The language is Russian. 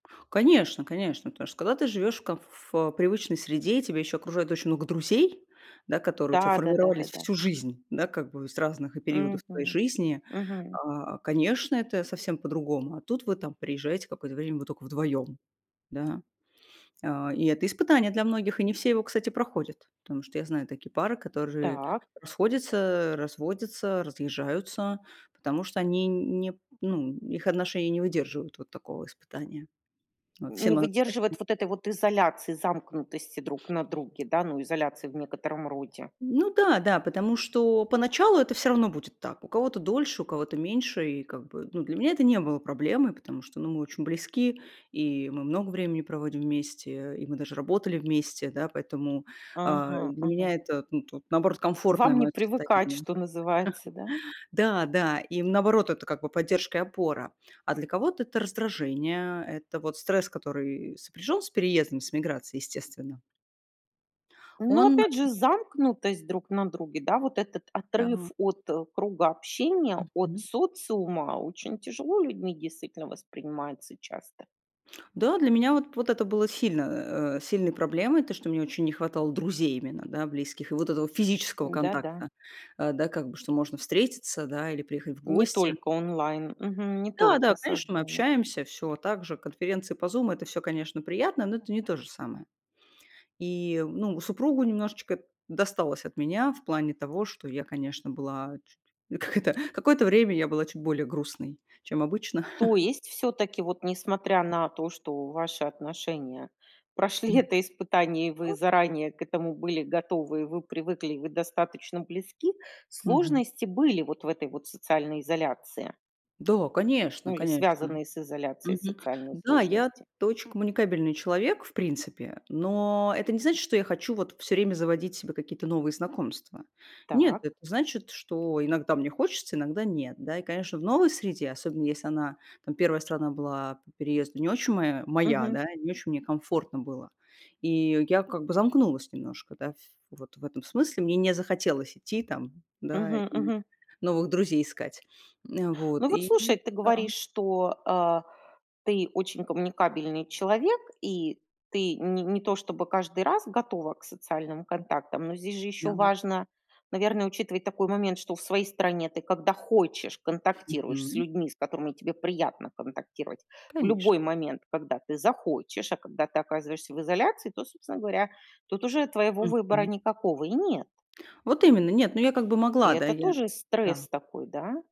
Конечно, конечно. Потому что когда ты живёшь в комф ф э, привычной среде, тебя ещё окружает очень много друзей, да, которые у тебя Да, да да да формировались да. всю жизнь, да, как бы из разных периодов твоей Мгм, жизни, мгм. а, конечно, это совсем по-другому. А тут вы там приезжаете какое-то время, вы тока вдвоём, да. А, и это испытание для многих, и не все его, кстати, проходят, потому что я знаю такие пары, которые Так. расходятся, разводятся, разъезжаются, потому что они не, ну, их отношения не выдерживают вот такого испытания. Вот, Не всем мало страсти. выдерживает вот этой вот изоляции, замкнутости друг на друге, да, ну изоляции в некотором роде. Ну да, да, потому что поначалу это всё равно будет так. У кого-то дольше, у кого-то меньше. И как бы, ну, для меня это не было проблемой, потому что, ну, мы очень близки, и мы много времени проводим вместе, и мы даже работали вместе, да, поэтому, а, Ага, для ага. меня это, ну, тут наоборот комфортное Вам не моё привыкать, состояние. что называется, да? Да, да, и наоборот это как бы поддержка и опора. А для кого-то это раздражение, это вот стресс, который сопряжён с переездом, с эмиграцией, естественно. Но Он, опять э же замкнутость друг на друге, да, вот этот отрыв Да. от, э, круга общения, от Мгм. социума очень тяжело людьми действительно воспринимается часто. Да, для меня вот п вот это было сильно, э, сильной проблемой, то, что мне очень не хватало друзей именно, да, близких, и вот этого физического Да-да. контакта. Э, да, как бы, что можно встретиться, да, или приехать в Не гости. только онлайн, мгм, не Да, только да, конечно, мы созвонов. общаемся, всё так же, конференции по Zoom это всё, конечно, приятно, но это не то же самое. И, ну, супругу немножечко досталось от меня в плане того, что я, конечно, была чуть, как это, какое-то время я была чуть более грустной, чем обычно. То есть, всё-таки, вот, несмотря на то, что ваши отношения М, прошли это испытание, и вы м. заранее к этому были готовы, и вы привыкли, и вы достаточно близки, Мгм. сложности были вот в этой вот социальной изоляции. Да, конечно, Ну или конечно. связанные с изоляцией Мгм, социальные да. сложности. Я-то очень коммуникабельный человек в принципе, но это не значит, что я хочу вот всё время заводить себе какие-то новые знакомства. Нет, Так. это значит, что иногда мне хочется, иногда нет. Да, и, конечно, в новой среде, особенно, если она, там, 1 страна была по переезду не очень моя моя, Мгм. да, не очень мне комфортно было, и я как бы замкнулась немножко, да, в вот в этом смысле. Мне не захотелось идти там, да, и Мгм, мгм. новых друзей искать. Н, вот. Ну вот И слушай, ты да. говоришь, что, а, ты очень коммуникабельный человек и ты не не то, чтобы каждый раз готова к социальным контактам. Но здесь же ещё Да. важно, наверное, учитывать такой момент, что в своей стране ты, когда хочешь, контактируешь с Мгм. людьми, с которыми тебе приятно контактировать. В Конечно. любой момент, когда ты захочешь. А когда ты оказываешься в изоляции, то собственно говоря, тут уже твоего выбора Мгм. никакого и нет. Вот именно. Нет, ну я как бы И могла, да, это я тоже Да. стресс такой, да?